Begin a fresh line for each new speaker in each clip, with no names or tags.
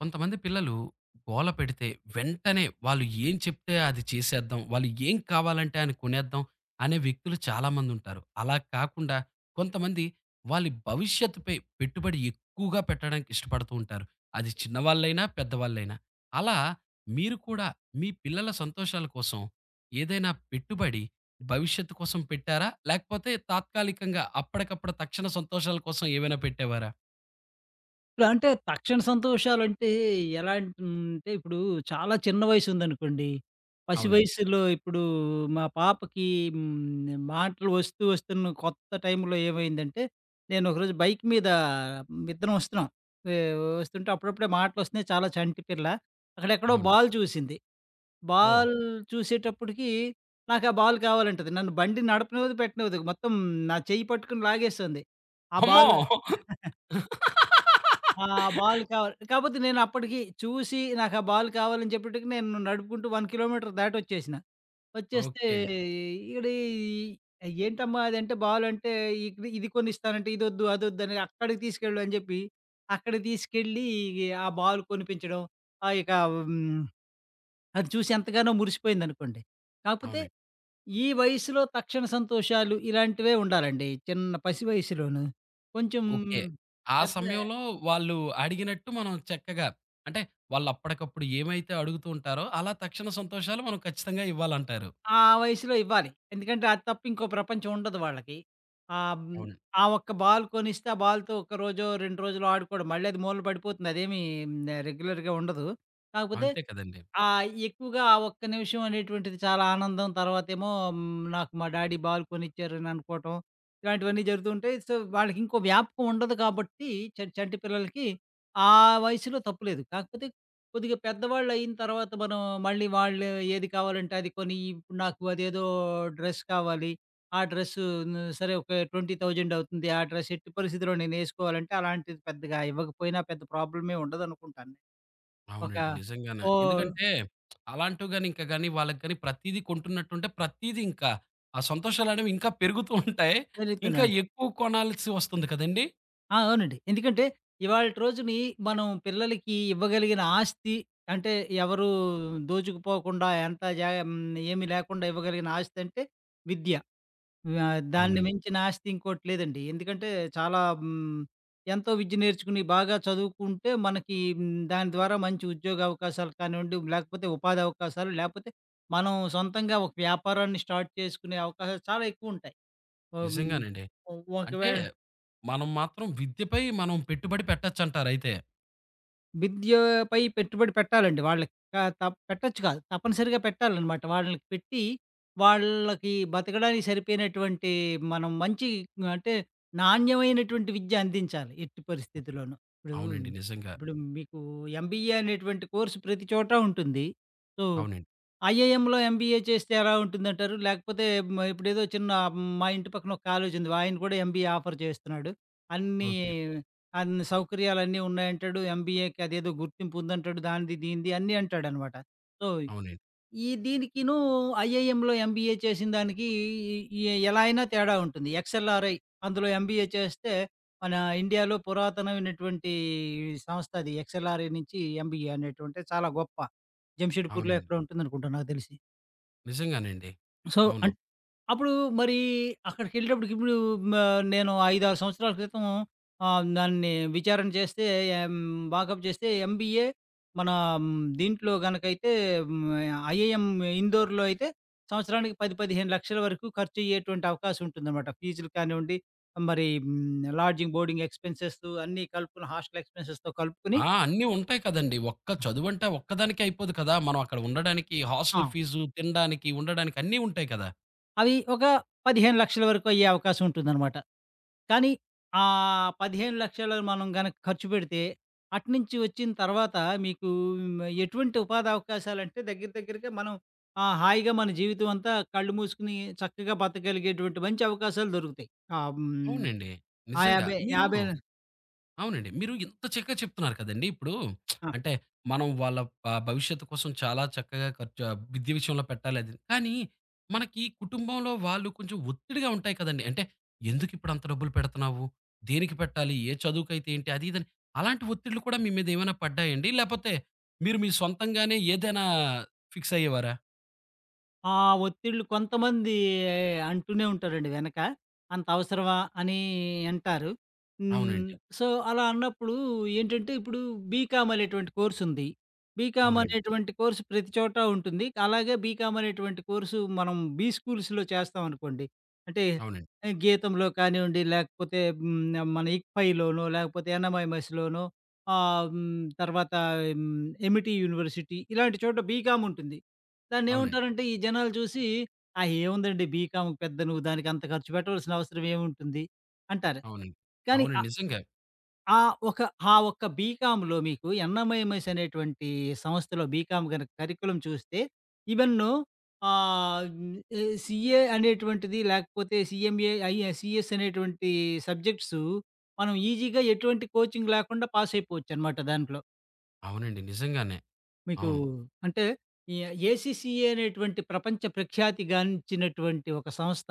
కొంతమంది పిల్లలు గోలపెడితే వెంటనే వాళ్ళు ఏం చెప్తే అది చేసేద్దాం. వాళ్ళు ఏం కావాలంటే అని కొనేద్దాం అనే వ్యక్తులు చాలామందుంటారు. అలాగా కాకుండా కొంతమంది. వాళ్ళి భవిష్యత్తుపై పెట్టుబడి ఎక్కువగా పెట్టడానికి ఇష్టపడుతూంటారు. అది చిన్నవాళ్ళైనా పెద్దవాళ్ళైనా. అలా మీరు కూడా మీ పిల్లల సంతోషాల కోసం ఏదైనా పెట్టుబడి భవిష్యత్తు కోసం పెట్టారా? లేకపోతే తాత్కాలికంగా అప్పడికప్పుడు తక్షణ సంతోషాల కోసం ఏవైనా పెట్టేవారా?
ఇప్పుడంటే తక్షణ సంతోషాలంటే ఎలాంటిందంటే ఇప్పుడు చాలా చిన్న వయసుందనుకోండి. పసి
అవునండి.
వయసులో ఇప్పుడు మా పాపకి హ్మ్, మాటలు ఒస్తూ ఒస్తున్న కొత్త టైంలో ఏమైందంటే. నేను ఒకరోజు బైక్ మీద విద్దరం ఒస్తున్నాం. య్! ఒస్తుంటే అప్పుడప్పుడే మాటలోస్తున్నాయి చాలా చంటి పిల్ల. అక్కడేక్కడో
అవును.
బాల్ చూసింది.
ఓహ్!
బాల్ చూసేటప్పటికి నాకా బాలు కావాలంటది. నన్ను బండి నడపనివ్వదు పెట్టనివ్వదు మొత్తం నా చెయ్యి పట్టుకొని లాగేస్తోంది. ఆ
హామ్మో!
బాలు ఆ బాల్ కావాలి. కాపోతే నేనప్పడికి చూసి నాకా బాల్ కావాలని చెప్పటికి నేను నడుపుకుంటూ 1 కిలోమీటరు దాటోచ్చేసినా. వచ్చేస్తే
ఓకే.
ఇ ఇడ ఏంటమ్మా అదంటే బాలంటే ఇకది ఇది కొనిస్తానంటే ఇదోద్దు అదోద్దని అక్కడికి తీసుకెళ్ళుని జెప్పి. అక్కడ తీసుకెళ్ళి ఇగ ఆ బాల్ కొనిపించడం. ఆహ్, ఇక హ్మ్. అది చూసేంతగానో మురిసిపోయిందనుకోండి. కాకపోతే
అవునండి.
ఈ వయసులో తక్షణ సంతోషాలు ఇలాంటివే ఉండాలండి చిన్న పసి వయసులోను. కొంచెం
ఓకే. ఆ
పెద్ద
సమయంలో వాళ్ళు అడిగినట్టు మనం చక్కగా అంటే వాళ్ళు అప్పడకప్పుడు ఏమైతే అడుగుతూంటారో అలా తక్షణ సంతోషాలు మనం ఖచ్చితంగా ఇవ్వాలంటారు.
ఆ వయసులో ఇవ్వాలి. ఎందుకంటే అదప్పు ఇంకో ప్రపంచం ఉండదు వాళ్ళకి. అం
అవును.
ఆ ఒక్క బాల్ కొనిస్తే ఆ బాల్‌తో ఒక రోజో 2 రోజులో ఆడుకోవడం. మళ్ళాది మూలన బడిపోతుంది. అదేమీ ఆహ్, రెగ్యులర్‌గా ఉండదు. కాకపోతే
అంతే కదండీ.
ఆహ్, ఎక్కువగా ఆ ఒక్క నిమిషమనేటువంటిది చాలా ఆనందం తర్వాతేమో హ్మ్, నాకు మా డ్యాడీ బాల్‌ కోనిచ్చారననుకోవటం. ఇలాంటివన్నీ జరుగుతూంటాయి. సో వాళ్ళకింకో వ్యాపకం ఉండదు కాబట్టి చ చంటి పిల్లలకి ఆ వయసులో తప్పు లేదు. కాకపోతే కొద్దిగా పెద్దవాళ్ళైన తర్వాత మనం మళ్ళీ వాళ్ళు ఏది కావాలంటే అది కోనియి ఇప్పుడు నాకు అదేదో డ్రెస్ కావాలి. ఆ డ్రెస్సు ను సరే ఒక ట్వెంటీ థౌసండవుతుంది ఆ డ్రెస్ ఎట్టి పరిస్థితిలో నేనేసుకోవాలంటే అలాంటిది పెద్దగా ఇవ్వకపోయినా పెద్ద ప్రాబ్లమే ఉండదనుకుంటాను. ఒక
అవునండి. నిజంగానే.
ఓహ్
ఎందుకంటే అలాంటివి గాని ఇంకా గాని వాళ్ళకి గాని ప్రతీదీ కొంటున్నట్టుంటే ప్రతీదీంకా, ఆ సంతోషాలనేవి ఇంకా పెరుగుతూంటాయి.
జరుగుతనే
ఇంకా
ఉన్
ఎక్కువ కొనాలిసోస్తుంది కదండీ!
ఆ! అవునండి. ఎందుకంటే, ఇవాలిటి రోజుని మనం పిల్లలకి ఇవ్వగలిగిన ఆస్తి, అంటే ఎవరూ దోచుకుపోకుండా ఎంత జ హ్మ్ ఏమి లేకుండా ఇవ్వగలిగిన ఆస్తి అంటే, విద్య. వ దాన్ని
అవునండి.
మించిన ఆస్తి ఇంకోటి లేదండి. ఎందుకంటే, చాలా హ్మ్. ఎంతో విద్య నేర్చుకొని, బాగా చదువుకుంటే, మనకి మ్ దాని ద్వారా మంచి ఉద్యోగ అవకాశాలు కానివ్వండి, లేకపోతే ఉపాధి అవకాశాలు లేపోతే, మనం సొంతంగా ఒక వ్యాపారాన్ని స్టార్ట్ చేసుకునే అవకాశాలు చాలా ఎక్కువు ఉంటాయి. అబ
నిజంగానండి. అంటే,
ఒకవేళ
మనం మాత్రం విద్యపై మనం పెట్టుబడి పెట్టొచ్చంటారయితే.
విద్యోపై పెట్టుబడి పెట్టాలండి, వాళ్ళకి. కా తప్ పెట్టొచ్చు కాదు, తప్పనిసరిగా పెట్టాలనమాట. వాళ్ళకి పెట్టి, వాళ్ళకి బతకడానికి సరిపోయినటువంటి మనం మంచి అంటే నాణ్యమైనటువంటి విద్య అందించాలి. ఎట్టి
హ్మ్.
పరిస్థితిలోను. ఇప్పుడు,
అవునండి. నిజంగా.
ఇప్పుడు మీకు ఎంబీఏ అనేటువంటి కోర్స్ ప్రతి చోటా ఉంటుంది. సో
అవునండి.
ఐఏఎంలో ఎంబీఏ చేస్తే ఎలా ఉంటుందంటారు? లేకపోతే హ్మ్. ఇప్పుడేదో చిన్న మా ఇంటి పక్కన ఒక కాలేజుంది, ఆయన కూడా ఎంబీఏ ఆఫర్ చేస్తున్నాడు. అన్ని,
ఓకే.
అన్ని సౌకర్యాలన్నీ ఉన్నాయంటాడు. ఎంబీఏకి అదేదో గుర్తింపు ఉందంటాడు దానిది, దీనిది అన్నీ అంటాడనమాట. సో,
అవునండి.
ఈ దీనికిను ఐఐఎంలో ఎంబీఏ చేసినదానికి, ఈ ఎలా అయినా తేడా ఉంటుంది. ఎక్స్ఎల్ఆర్ఐ అందులో ఎంబీఏ చేస్తే మన ఇండియాలో పురాతనమైనటువంటి, ఈ సంస్థ అది ఎక్స్ఎల్ఆర్ఐ నుంచి ఎంబీఏ అనేటువంటేది చాలా గొప్ప. జంషేడ్పూర్లో
అవునండి.
ఎక్కడ ఉంటుందనుకుంటా నాకు తెలిసి.
నిజంగానండి.
సో, అం
అవును.
అప్పుడు మరి అక్కడికెళ్ళేటప్పటికి ఇప్పుడు మా నేను 5, 6 సంవత్సరాల క్రితం ఆహ్, దాన్ని విచారణ చేస్తే ఎ హ్మ్, బాకప్ చేస్తే ఎంబీఏ మన హ్మ్, దీంట్లో గనకైతే హ్మ్, ఐఐఎం ఇండోర్‌లో అయితే సంవత్సరానికి 1000000, 1500000 వరకు ఖర్చయ్యేటువంటి అవకాశం ఉంటుందనమాట. ఫీజులు కానివ్వండి మరి హ్మ్, లాడ్జింగ్, బోర్డింగ్ ఎక్స్పెన్సెస్ అన్నీ కలుపుకున్న హాస్టల్ ఎక్స్పెన్సెస్‌తో కలుపుకొని
ఆ! అన్నీ ఉంటాయి కదండీ. ఒక్క
ఆ!
చదువంటే ఒక్కదానికే అయిపోదు కదా! మనం అక్కడ ఉండడానికి హాస్టల్
ఆ!
ఫీజు, తినడానికి, ఉండడానికి అన్నీ ఉంటాయి కదా!
అవి ఒక 1500000 వరకు అయ్యే అవకాశం ఉంటుందన్నమాట. కానీ, ఆ 1500000 మనం గనక ఖర్చుపెడితే అటు నుంచి వచ్చిన తర్వాత మీకు హ్మ్, ఆహ్, ఎటువంటి ఉపాధవకాశాలంటే దగ్గర దగ్గరగా మనం ఆహ్, హాయిగా మన జీవితమంతా కళ్ళు మూసుకొని చక్కగా బతకగలిగేటువంటి మంచి అవకాశాలు దొరుకుతాయి. ఆహ్, హ్మ్
అవునండి. నిజంగా.
ఆయాబై
మీరు
యాభయా
అవునండి. మీరు ఇంత చక్కగా చెప్తున్నారు కదండీ ఇప్పుడు
ఆ!
అంటే మనం వాళ్ళ ఆహ్, భవిష్యత్తు కోసం చాలా చక్కగా ఖర్చు ఆహ్, విద్య విషయంలో పెట్టాలది, కానీ, మనకి కుటుంబంలో వాళ్ళు కొంచెం ఒత్తిడిగా ఉంటాయి కదండీ. అంటే ఎందుకిప్పుడంత డబ్బులు పెడుతున్నావు? దేనికి పెట్టాలి? ఏ చదువుకైతే ఏంటి? అది ఇదని అలాంటి ఒత్తిడిలు కూడా మీ మీదేమైనా పడ్డాయండి? లేపోతే, మీరు మీ సొంతంగానే ఏదైనా ఫిక్స్ అయ్యేవారా?
ఆ ఒత్తిళ్ళు కొంతమంది అంటూనే ఉంటారండి వెనక. అంత అవసరమా అని అంటారు. హ్మ్.
అవునండి.
సో అలా అన్నప్పుడు ఏంటంటే ఇప్పుడు బీకామ్ అనేటువంటి కోర్స్ ఉంది. బీకామ్
అవునండి.
అనేటువంటి కోర్స్ ప్రతి చోటా ఉంటుంది. అలాగే బీకామ్ అనేటువంటి కోర్స్ మనం బీస్కూల్స్‌లొ చేస్తామనుకోండి. అంటే.
అవునండి.
గీతంలో కానివ్వండి. లేకపోతే, హ్మ్, మన ఇప్పాయిలోనో లేకపోతే యన్నామయమసిలోనో ఆ, హ్మ్ తర్వాత హ్మ్. 'Amity' university. ఇలాంటి చోట బీకామ్ ఉంటుంది. దాన్ని
అవునండి.
ఏముంటారంటే ఈ జనాలు చూసి. ఆహ్, ఏముందండి బీకామ్ పెద్ద నువ్వు దానికి అంత ఖర్చుపెట్టవాల్సిన అవసరం ఏముంటుంది? అంటారు.
అవునండి.
కానీ ఆ
అవునండి. నిజంగా.
ఆ ఒక్క ఆ ఒక్క బీకామ్‌లొ మీకు యన్నామయమస్ అనేటువంటి సంస్థలో బీకామ్ గన కరికులం చూస్తే. ఇవెన్నో. ఆహ్, హ్మ్. ఏ సీఏ అనేటువంటిది. లేకపోతే సీఎంఏ ఐఎస్ సీఎస్ అనేటువంటి సబ్జెక్ట్స్. మనం ఈజీగా ఎటువంటి కోచింగ్ లేకుండా పాస్ అయిపోవచ్చునమాట దాంట్లో.
అవునండి. నిజంగానే.
మీకు
అవును.
అంటే ఈ ఏసీసీఏ అనేటువంటి ప్రపంచ ప్రఖ్యాతిగానించినటువంటి ఒక సంస్థ.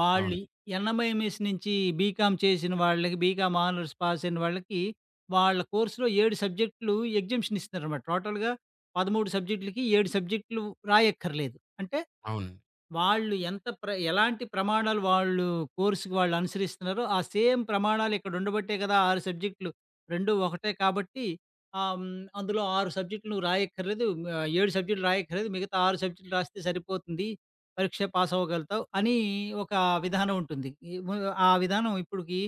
వాళ్ళు
అవును.
ఎన్ఎంఎంఎస్ నుంచి బీకామ్ చేసిన వాళ్ళకి బీకామ్ ఆనర్స్ పాస్ అయిన వాళ్ళకి, వాళ్ళ కోర్స్‌లో 7 సబ్జెక్టులు ఎగ్జామషన్ ఇస్తున్నారనమాట. టోటల్‌గా 13 సబ్జెక్టులకి, 7 సబ్జెక్టులు రాయక్కర్లేదు. అంటే
అవును.
వాళ్ళు ఎంత ప్ర ఎలాంటి ప్రమాణాలు వాళ్ళు కోర్స్‌‌కి వాళ్ళు అనుసరిస్తున్నారో. ఆ సేమ్ ప్రమాణాలు ఇక్కడ ఉండబట్టాయి కదా! 6 సబ్జెక్టులు. 2 ఒకటే కాబట్టి. ఆ! హ్మ్ అందులో 6 సబ్జెక్టులు నువ్వు రాయక్కర్లేదు. మ ఆహ్, 7 సబ్జెక్టులు రాయక్కర్లేదు. మిగతా 6 సబ్జెక్టులు రాస్తే సరిపోతుంది. పరీక్ష పాస్ అవ్వగలుగుతావు. అని ఒక విధానం ఉంటుంది. ఆ ము ఆ విధానం ఇప్పటికి,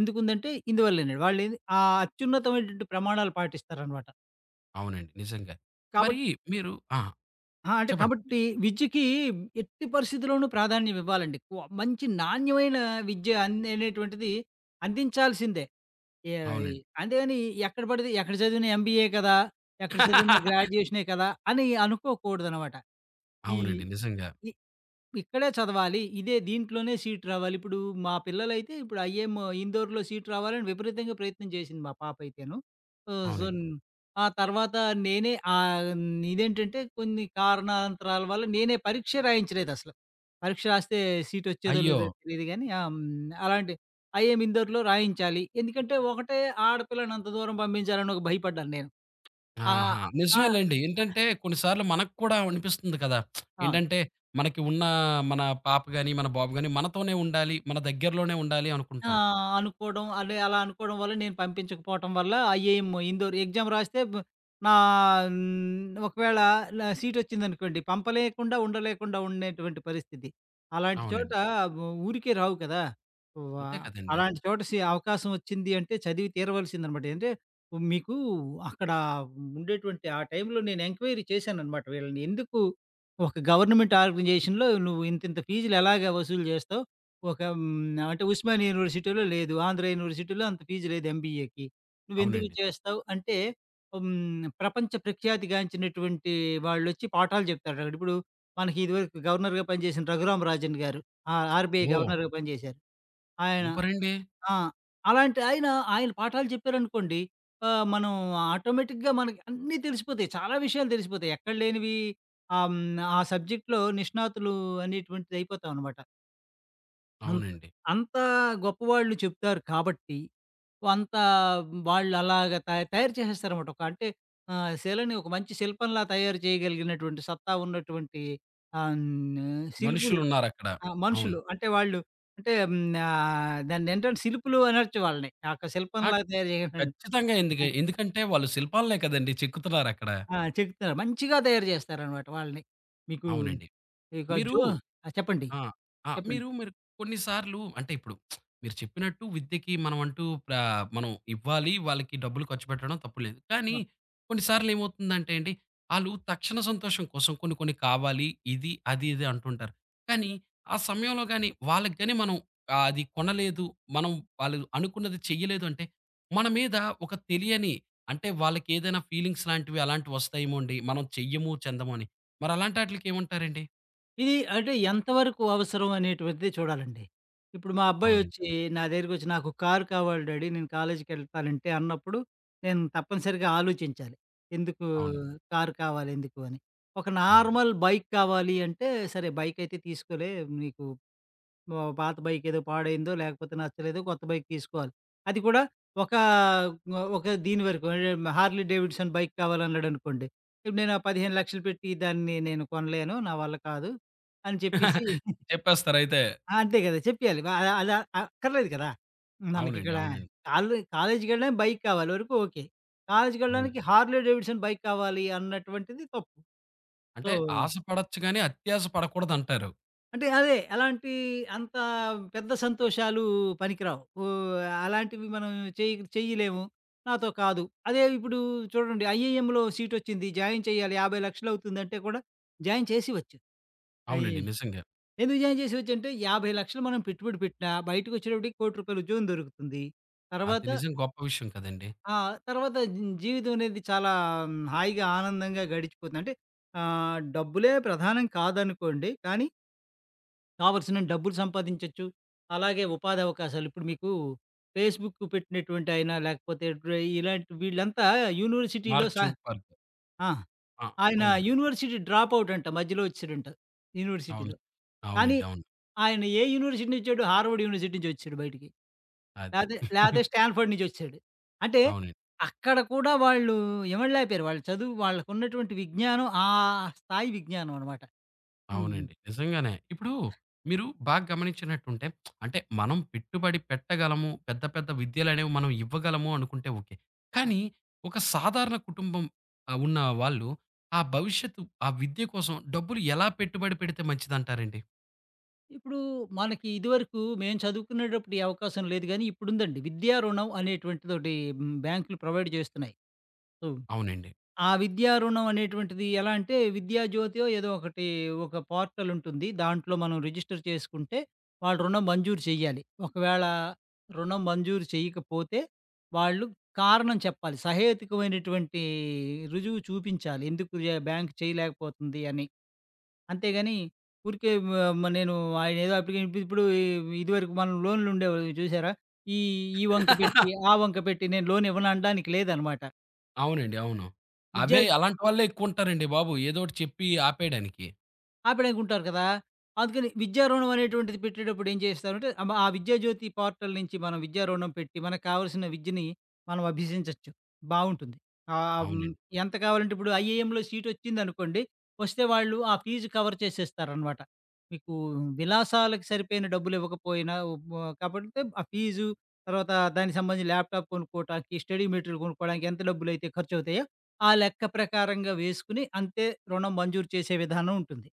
ఎందుకుందంటే ఇందువల్లనండి. వాళ్ళేవి ఆ అత్యున్నతమైనటువంటి ప్రమాణాలు పాటిస్తారనమాట.
అవునండి నిజంగా.
కాబట్
మరి మీరు ఆ!
ఆ! అంటే
చెప్పండి.
కాబట్టి విద్యకి ఎట్టి పరిస్థితిలోనూ ప్రాధాన్యం ఇవ్వాలండి ఎక్కువ. మంచి నాణ్యమైన విద్య అన్ అనేటువంటిది అందించాల్సిందే. యాయి
అవునండి.
అంతేగాని ఎక్కడ బడితే ఎక్కడ చదివినా ఎంబీఏ కదా! ఎక్కడ చదివినా గ్రాడ్యుయేషనే గదా! అని అనుకోకూడదనమాట. ఈ
అవునండి. నిజంగా.
ఈ ఇక్కడే చదవాలి. ఇదే దీంట్లోనే సీటు రావాలి. ఇప్పుడు మా పిల్లలైతే ఇప్పుడు ఐఎం ఇందోర్‌లో సీటు రావాలని విపరీతంగా ప్రయత్నం జేసింది మా పాపయితేను. సొ
అవునండి.
జున్ ఆ తర్వాత నేనే ఆహ్, ఇదేంటంటే కొన్ని కారణాంతరాల వల్ల నేనే పరీక్షే రాయించలేదసల. పరీక్ష రాస్తే సీటొచ్చేదో
అయ్యో!
లేదో తెలీదుగానీ ఆ! హ్మ్, అలాంటి ఐఎం ఇందోర్‌లో రాయించాలి. ఎందుకంటే ఒకటే ఆడపిల్లనంత దూరం పంపించాలని ఒక భయపడ్డాను నేను. ఆహ్,
ఆహా!
ఆ! ఆ!
నిజమేలెండి. ఏంటంటే కొన్నిసార్లు మనక్కూడా అనిపిస్తుంది కదా!
ఆ!
ఏంటంటే మనకి ఉన్న మన పాప గాని, మన బాబు గాని మనతోనే ఉండాలి, మన దెగ్గరలోనే ఉండాలి
ఆ!
అనుకుంటాం.
అనుకోడం. అదె అలా అనుకోడం వల్ల నేను పంపించకపోటం వల్ల ఐఏఎమ్ ఇందోరు ఎగ్జామ్ రాస్తే బ్ నా హ్, ఒకవేళ నా సీటొచ్చిందనుకోండి, పంపలేకుండా ఉండలేకుండా ఉండేటువంటి పరిస్థితి. అలాంటి చోట
అవునండి.
ఊరికే రావు గదా! వ్వా
అంతే కదండి.
అలాంటి చోట సి అవకాశమోచ్చింది అంటే చదివి తీరవల్సిందనమాట. ఏంటే మీకు అక్కడ ఉండేటువంటి ఆ టైంలో నేను ఎంక్వైరీ చేశాననమాట వీళ్ళని ఎందుకు, ఒక గవర్నమెంట్ ఆర్గనైజేషన్‌లో నువ్వింతింత ఫీజులెలాగ వసూలు జేస్తావు? ఒక హ్మ్, అంటే ఉస్మానియ యూనివర్సిటీలో లేదు. ఆంధ్ర యూనివర్సిటీలో అంత ఫీజ్ లేదు ఎంబీఏకి. నువ్వెందుకు
అవునండి.
చేస్తావు? అంటే, హ్మ్. ప్రపంచ ప్రఖ్యాతి గాంచినటువంటి వాళ్ళొచ్చి పాఠాలు చెప్తారు. ఇప్పుడు మనకి ఇదివరకు గవర్నర్‌గా పనిచేసిన 'రఘురామ్ రాజన్' గారు. ఆ ఆర్‌బిఐ
ఓహ్!
గవర్నర్‌గా పని జేశారు. ఆయన.
సూపరండి.
ఆ! అలాంటి ఆయన ఆయన పాఠాలు చెప్పారనుకోండి. ఆ! మనం ఆటోమేటిక్‌గా మనకి అన్నీ తెలిసిపోతాయి. చాలా విషయాలు తెలిసిపోతాయి. ఎక్కడ లేనివి? ఆహ్, హ్మ్, ఆ సబ్జెక్ట్‌లో నిష్ణాతులు అనేటువంటిది అయిపోతామనమాట. అం
అవునండి.
అంతా గొప్పవాళ్ళు చెప్తారు కాబట్టి, కొంత వాళ్ళలాగా త తయారు చేసేస్తారనమాట. ఒక అంటే ఆహ్, శిలని ఒక మంచి శిల్పంలా తయారు చేయగలిగినటువంటి సత్తా ఉన్నటువంటి ఆహ్, హ్మ్, ఆహ్, శిల్పులు
మనుషులున్నారక్కడ.
ఆ!
అవును.
మనుషులు. అంటే వాళ్ళు అంటే హ్మ్, ఆహ్, దాన్నేంటంటే శిల్పులు అనొచ్చు వాళ్ళని. ఆ ఒక్క
ఆ!
శిల్పంలాగా తయారు చేయట
ఖచ్చితంగా, ఎందుకే
హ్మ్.
ఎందుకంటే వాళ్ళు శిల్పాల్నే కదండీ! చెక్కుతున్నారక్కడ.
ఆ! చెక్కుతారు. మంచిగా తయారు చేస్తారనమాట వాళ్ళని. మీకు
అవునండి.
ఇగ
మీరు
జు ఆ! చెప్పండి.
ఆ! ఆ!
చెప్పండి.
మీరు మరి కొన్నిసార్లు అంటే ఇప్పుడు మీరు చెప్పినట్టు విద్యకి మనమంటూ ప్ర మనం ఇవ్వాలి, వాళ్ళకి డబ్బులు ఖర్చుపెట్టడం తప్పు లేదు. కానీ,
ఆ!
కొన్నిసార్లేమవుతుందంటే అండి ఆళ్ళు తక్షణ సంతోషం కోసం కొన్ని కొన్ని కావాలి ఇది, అది, ఇది అంటుంటారు. కానీ ఆ సమయంలో గాని వాళ్ళకి గాని మనం ఆహ్, అది కొనలేదు మనం వాళ్ళు అనుకున్నది చెయలేదు అంటే, మన మీద ఒక తెలియని అంటే వాళ్ళకేదైనా ఫీలింగ్స్ లాంటివి అలాంటివొస్తాయేమోండి మనం చెయ్యము చెందము అని. మరలాంటి ఆటిలకి ఏమంటారండి?
ఇది అంటే ఎంతవరకు అవసరం అనేటువంటిది చూడాలండి. ఇప్పుడు మా
అవునండి.
అబ్బాయొచ్చి నా దగ్గరకొచ్చి "నాకు కారు కావాలి డ్యాడీ, నేను కాలేజికెళ్తానంటే" అన్నప్పుడు నేను తప్పనిసరిగా ఆలోచించాలి. ఎందుకు
అవును.
కారు కావాలెందుకు అని. ఒక
అవును.
నార్మల్ బైక్ కావాలి అంటే సరే బైక్ అయితే తీసుకోలే. నీకు ఆహ్, పాత బైకేదో పాడైందో లేకపోతే, నచ్చలేదు కొత్త బైక్ తీసుకోవాలి. అది కూడా ఒక, ఒ ఒక దీని వరకు. అంటే హార్లీ డేవిడ్సన్ బైక్ కావాలన్నాడనుకోండి, ఇప్పుడు నేను ఆ 1500000 పెట్టి దాన్ని నేను కొనలేను. నా వల్ల కాదు అని చెప్పేసి
చెప్పేస్తారయితే.
ఆ! అంతే గదా! చెప్పియాలి. ఆహ్, అలా అకర్లేదు కదా!
అవునండి.
మనకిక్కడ
అవునండి.
కాలు కాలేజుకెళ్లడానికి బైక్ కావాలి వరకు ఓకే.
అవును.
కాలేజుకెళ్ళడానికి హార్లీ డేవిడ్సన్ బైక్ కావాలి అన్నటువంటిది తప్పు. సో
అంటే ఆశ పడొచ్చు గానీ, అత్యాశ పడకూడదంటారు.
అంటే, అదే అలాంటి అంతా పెద్ద సంతోషాలు పనికి రావు. ఓ, అలాంటివి మనం చేయక్ చేయలేము, నాతో కాదు. అదే ఇప్పుడు చూడండి ఐఏఎంలో సీటోచ్చింది జాయిన్ చేయాలి 50,00,000 లక్ష‌లు అవుతుందంటే, కూడా జాయిన్ చేసివచ్చు. ఆహ్, ఇ
అవునండి. నిజంగా.
ఎందుకు జాయిన్ చేసేవచ్చాంటే, 50,00,000 లక్షలు మనం పెట్టుబడి పెట్టినా బయటికోచ్చేటప్పటికి 1,00,00,000 రూపాయల ఉద్యోగం దొరుకుతుంది.
అది
తర్వాత
నిజం, గొప్ప విషయం కదండీ.
ఆ! తర్వాత జ్ జీవితమనేది చాలా హాయిగా ఆనందంగా గడిచిపోతుందంటే, ఆహ్, డబ్బులే ప్రధానం కాదనుకోండి. కానీ కావాల్సినంతా డబ్బులు సంపాదించొచ్చు, అలాగే ఉపాధవకాశాలు. ఇప్పుడు మీకు ఫేస్‌బుక్ పెట్టినటువంటయినా లేకపోతే డ్ర ఇలాంటి వీళ్ళంతా యూనివర్సిటీలో
మార్క్
సా
జుక్‌బర్గ్.
ఆ!
ఆ!
ఆయన
అవునండి.
యూనివర్సిటీ డ్రాపవుటంట మధ్యలో ఒచ్చేడంట
అవును.
యూనివర్సిటీలో.
అవునండి.
కానీ
అవును.
ఆయన ఏ యూనివర్సిటీనుచ్చాడు, హార్వర్డ్ యూనివర్సిటీ నుంచోచ్చాడు బయటికి.
అది.
లేతే, లేతే స్టాండ్ ఫర్డ్ నుంచోచ్చాడు. అంటే,
అవునండి.
అక్కడ కూడా వాళ్ళు ఇవడలేకపోయారు. వాళ్ళు చదువు వాళ్ళకున్నటువంటి విజ్ఞానం, ఆ స్థాయి విజ్ఞానమనమాట. హ్మ్.
అవునండి. నిజంగానే. ఇప్పుడు మీరు బాగా గమనించినట్టుంటే, అంటే మనం పెట్టుబడి పెట్టగలము, పెద్ద, పెద్ద విద్యలనేవి మనం ఇవ్వగలము అనుకుంటే ఓకే.
ఆ!
కానీ, ఒక సాధారణ కుటుంబం ఆహ్, ఉన్న వాళ్ళు ఆ భవిష్యత్తు, ఆ విద్య కోసం డబ్బులు ఎలా పెట్టుబడి పెడితే మంచిదంటారండి?
ఇప్పుడూ మనకి ఇదివరకు, మేము చదువుకునేటప్పుడీ అవకాశం లేదు గానీ, ఇప్పుడుందండి. విద్యా రుణం అనేటువంటిదోటి. హ్మ్, బ్యాంకులు ప్రొవైడ్ జేస్తున్నాయి. సో,
అవునండి.
ఆ విద్యారుణం అనేటువంటిది ఎలా అంటే, విద్యాజ్యోతో ఏదో ఒకటి ఒక పోర్టలుంటుంది. దాంట్లో మనం రిజిస్టర్ చేసుకుంటే, వాళ్ళు రుణం మంజూరు చేయాలి. ఒకవేళ, రుణం మంజూరు చేయకపోతే, వాళ్ళు కారణం చెప్పాలి. సహేతుకమైనటువంటీ రుజువు చూపించాలి. ఎందుకు బ్యాంక్ చేయలేకపోతుంది అని. అంతేగాని, ఊరికే వ నేను, ఆయన ఏదో అప్లికేషను నింపి ఇప్పుడు ఇదివరకు మనం లోన్లు ఉండేవి చూసారా? ఈ ఈ వంక పెట్టి, ఆ వంక పెట్టి, నేను లోనివ్వను అనడానికి లేదనమాట.
అవునండి. అవును.
విద్య
అవే, అలాంటి వాళ్ళే ఎక్కువ ఉంటారండి బాబు. ఏదో ఒకటి చెప్పి ఆపేయడానికి.
ఆపేడానికుంటారు గదా! అందుకని విద్యా రుణం అనేటువంటిది పెట్టేటప్పుడు ఏం జేస్తారంటే, అబ్ ఆ విద్యాజ్యోతి పోర్టల్ నుంచి మనం విద్యరుణం పెట్టి మనకు కావాల్సిన విద్యని మనం అభ్యసించొచ్చు. బావుంటుంది. ఆహ్, హ్మ్,
అవునండి.
ఎంత కావాలంటే ఇప్పుడు ఐఐఎంలో సీటొచ్చిందనుకోండి, వస్తే వాళ్ళు ఆ ఫీజు కవర్ చేసేస్తారనమాట. మీకు విలాసాలకి సరిపోయిన డబ్బులివ్వకపోయినా, ఉ కాబట్టితే ఆ ఫీజు, తర్వాత దానికి సంబంధించి ల్యాప్టాప్ కొనుక్కోటానికి, స్టడీ మెటిరిల్ కొనుక్కోవడానికి, ఎంత డబ్బులైతే ఖర్చువుతాయో, ఆ లెక్క ప్రకారంగా వేసుకొని, అంతే రుణం మంజూరు చేసే విధానం ఉంటుంది.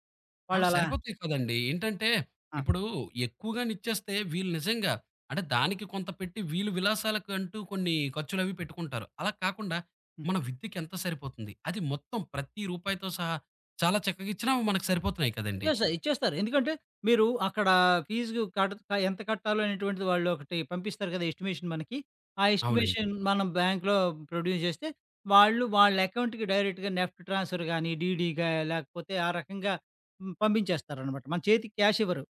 అవి
వాళ్ళలా
సరిపోతాయి కదండీ! ఏంటంటే,
ఆ!
ఇప్పుడు ఎక్కువగానిచ్చేస్తే, వీళ్ళు నిజంగా అంటే, దానికి కొంత పెట్టి, వీళ్ళు విలాసాలకంటూ కొన్ని ఖర్చులు అవి పెట్టుకుంటారు. అలా కాకుండా,
హ్మ్.
మన విద్యకి ఎంత సరిపోతుంది, అది మొత్తం ప్రతి రూపాయితో సహా చాలా చక్కగా ఇచ్చినా, మనకు సరిపోతున్నాయి కదండీ!
ఇచ్చేస్తారు. ఇచ్చేస్తారు. ఎందుకంటే మీరు అక్కడ ఫీజు కట్ క ఎంత కట్టాలో, అనేటువంటిది వాళ్ళు ఒకటి పంపిస్తారు గదా!~ ఎస్టిమేషన్ మనకి. ఆ
అవునండి.
ఎస్టిమేషన్ మనం బ్యాంక్లో ప్రొడ్యూస్ చేస్తే, వాళ్ళు, వాళ్ళ అకౌంట్‌కి డైరెక్ట్‌గా నెఫ్ట్ ట్రాన్స్ఫర్ గానీ, డీడీగా లేకపోతే ఆ రకంగా హ్మ్, పంపించేస్తారనమాట. మన చేతికి క్యాష్ ఇవ్వరు.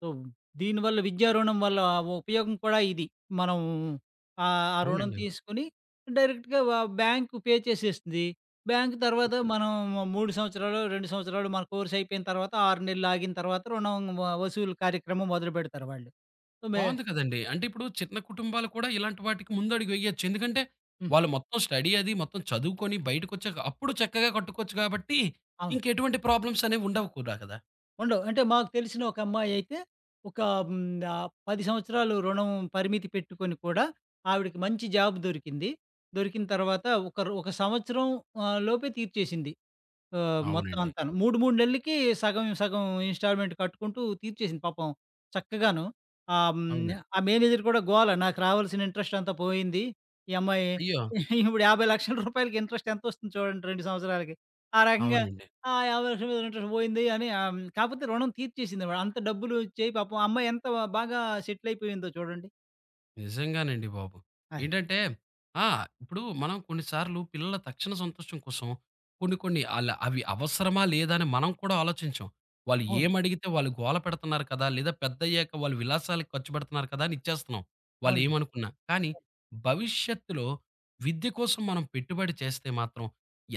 సో, దీనివల్ల విద్యారుణం వల్ల ఆ ఉపయోగం కూడా ఇది. మనం, ఆ రుణం
అవునండి.
తీసుకొని డైరెక్ట్‌గా వ బ్యాంక్ పే చేసేస్తుది. బ్యాంక్
హ్మ్.
తర్వాత మనం 3 సంవత్సరాలో, 2 సంవత్సరాలో, మన కోర్స్ అయిపోయిన తర్వాత 6 నెలలు ఆగిన తర్వాత రుణం వ వసూలు కార్యక్రమం మొదలుపెడతారు వాళ్ళు. సమే
బావుంది కదండీ! అంటే, ఇప్పుడు చిన్న కుటుంబాలు కూడా ఇలాంటి వాటికి ముందడుగు వేయొచ్చు. ఎందుకంటే,
హ్మ్.
వాళ్ళు మొత్తం స్టడీ అది మొత్తం చదువుకొని బయటకొచ్చాక, అప్పుడు చక్కగా కట్టుకోవచ్చు కాబట్టి,
అవును.
ఇంకెటువంటి ప్రాబ్లమ్స్ అనేవి ఉండవుకూడా కదా!
ఉండవు. అంటే మాకు తెలిసిన ఒక అమ్మాయి అయితే, ఒక హ్మ్. ఆహ్, 10 సంవత్సరాలు రుణం పరిమితి పెట్టుకొని కూడా, ఆవిడకి మంచి జాబ్ దొరికింది. దొరికిన తర్వాత ఒకరు ఒక సంవత్సరం ఆహ్, లోపే తీర్చేసింది. ఆహ్, మొత్తం
అవునండి.
అంతాను. 3, 3 నెల్లకి సగం సగం ఇన్‌స్టాల్‌మెంట్ కట్టుకుంటూ తీర్చేసింది పాపం. చక్కగాను. ఆహ్, హ్మ్.
అవునండి.
ఆ మేనేజరు గూడా గోల నాకు రావాల్సిన ఇంట్రెస్ట్ అంతా పోయింది. ఈ అమ్మాయి
అయ్యో!
ఇప్పుడు 5000000 ఇంట్రెస్ట్ ఇంట్రెస్ట్ ఎంతొస్తుంది చూడండి 2 సంవత్సరాలకి. ఆ రకంగా.
అవునండి.
ఆ! 5000000 రూపాయలకి ఇంట్రెస్ట్ పోయింది అని. ఆహ్, హ్మ్. కాపోతే రుణం తీర్చేసిందిమాట. అంత డబ్బులు వచ్చయి పాపం అమ్మాయి ఎంత బాగా సెటిల్ అయిపోయిందో చూడండి.
నిజంగానండి బాబు!
అదే.
ఏంటంటే, ఆ! ఇప్పుడు మనం కొన్నిసార్లు పిల్లల తక్షణ సంతోషం కోసం, కొన్ని కొన్ని ఆళ్ళ అవి అవసరమా లేదా అని మనం కూడా ఆలోచించం.
అవును.
వాల్లేమడిగితే వాళ్ళు గోలపెడుతున్నారు కదా! లేదా పెద్దయ్యాక వాళ్ళు విలాసాలకు ఖర్చుపెడుతున్నారు కదా! అని ఇచ్చేస్తున్నాం. వాళ్ళు
అవునండి.
ఏమనుకున్నా. కానీ, భవిష్యత్తులో విద్య కోసం మనం పెట్టుబడి చేస్తే మాత్రం.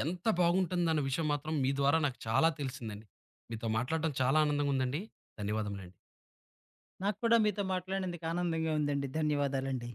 ఎంత బాగుంటుందన్న విషయం మాత్రం మీ ద్వారా నాకు చాలా తెలిసిందండి. మీతో మాట్లాడడం చాలా ఆనందంగుందండి. ధన్యవాదమలండి.
నాకు కూడా మీతో మాట్లాడినందుకు ఆనందంగా ఉందండి. ధన్యవాదాలండి.